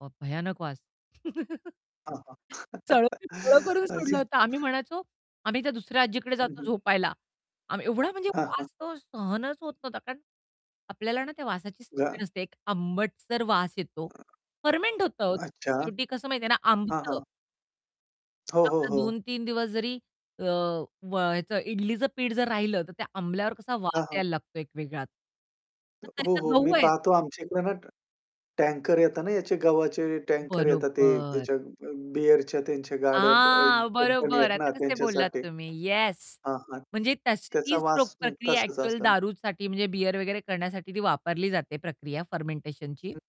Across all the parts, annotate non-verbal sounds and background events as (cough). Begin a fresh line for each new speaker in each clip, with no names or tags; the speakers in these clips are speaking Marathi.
(unintelligible) भयानक वास. (laughs)
हां, हां.
सळो की पळो
(chuckles)
करून
अच्छा.
सोडलं होतं. आम्ही म्हणायचो आम्ही त्या दुसऱ्या आज्जीकडे
हं,
जातो
हं.
झोपायला आम एवढा म्हणजे
हां, हां.
वास तो सहनच होत नव्हता. कारण आपल्याला ना त्या वासाची
जा
सवय नसते एक आंबटसर वास येतो फर्मेंट होतं हो ते
अच्छा.
शेवटी कसं माहितीये ना
हां,
आंबतं.
हां. हो, हो,
आपला
हो.
2-3 दिवस जरी अ, व ह्याच इडलीचं पीठ जर राहिलं तर त्या आंबल्यावर कसा वास
हां, हां.
यायला लागतो एक वेगळाच.
हो,
तर हे
हो,
तर
हो. मी
गहू आहेत.
पाहतो आमच्याकडे ना ट टँकर येतात ना याचे गव्हाचे टँकर येतात ते
बरोबर.
ह्याच्या अ, बीअरच्या त्यांच्या गाड्या ब अ,
हां,
कंपनी
बरोबर.
आहेत ना
आता कसे बोललात
त्यांच्यासाठी.
तुम्ही, येस.
हां, हां.
म्हणजे तशी
त्याचा
तीच प
वास मग
प्रक्रिया
तसाच
ॲक्चुअल
असेल.
दारूसाठी म्हणजे बिअर वगैरे करण्यासाठी ती वापरली जाते प्रक्रिया फर्मेंटेशनची.
(unintelligible)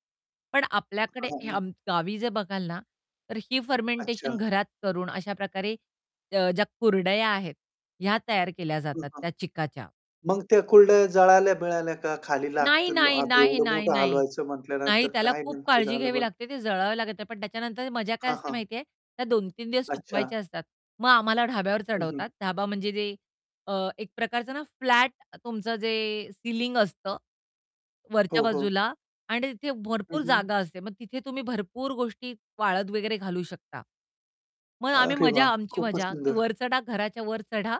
पण आपल्याकडे
(unintelligible)
ह्या गावी जर बघाल ना तर ही
अच्छा.
फर्मेंटेशन घरात करून अशा प्रकारे ज ज्या कुरडया आहेत ह्या तयार केल्या
हं,
जातात
हां.
त्या चिकाच्या.
मग त्या कुरडया जळाल्या मिळाल्या का खाली
नाही,
लागतील,
नाही,
आता
नाही,
एवढं
नाही,
मोठं
नाही.
हलवायचं
नाही.
म्हटल्यानंतर
त्याला
काय
खूप
नेमकं
काळजी
झालं
घ्यावी
बरं?
लागते ते जळावी लागत नाही, पण त्याच्यानंतर मजा काय
हां,
असते
हां.
माहितीये त्या 2-3 दिवस
अच्छा.
सुकवायच्या असतात. मग आम्हाला ढाब्यावर
हं, हं.
चढवतात. ढाबा म्हणजे जे अ, एक प्रकारचं ना फ्लॅट तुमचं जे सिलिंग असतं, वरच्या
हो, हो.
बाजूला आणि तिथे
हं,
भरपूर
हं.
जागा असते. मग तिथे तुम्ही भरपूर गोष्टी वाळत वगैरे घालू शकता. मग आम्ही
अरे,
मजा
वाह!
आमची
खूपच
मजा की
सुंदर.
वर चढा, घराच्या वर चढा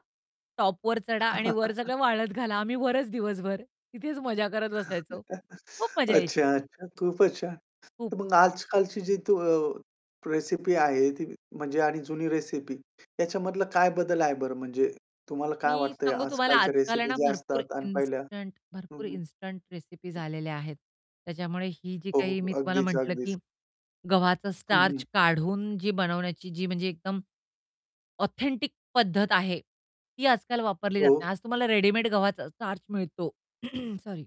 टॉपवर चढा आणि वर
(chuckles)
सगळं वाळत घाला. आम्ही वरच दिवसभर तिथेच मजा करत बसायचो.
(chuckles)
खूप मजा यायची ती.
अच्छा-अच्छा. खूपच छान.
खूप.
तर मग आजकालची जी त रेसिपी आहे, ती म्हणजे आणि जुनी रेसिपी ह्याच्यामधला काय बदल आहे बरं म्हणजे तुम्हाला काय
मी
वाटतंय
सांगू तुम्हाला
आजकालच्या
आजकाल आहे
रेसिपी
ना
ज्या
भरपूर
असतात अन पहिल्या?
इन्स्टंट
हं,
भरपूर
हं.
इन्स्टंट रेसिपीज आलेल्या आहेत. त्याच्यामुळे ही जी
हो,
काही
हो.
मी तुम्हाला
अगदीच,
म्हटलं
अगदीच.
की गव्हाचा
हं, हं.
स्टार्च काढून जी बनवण्याची जी म्हणजे एकदम ऑथेंटिक पद्धत आहे ती आजकाल वापरली जात
हो.
नाही. आज तुम्हाला रेडीमेड गव्हाचा स्टार्च मिळतो (clears throat) सॉरी.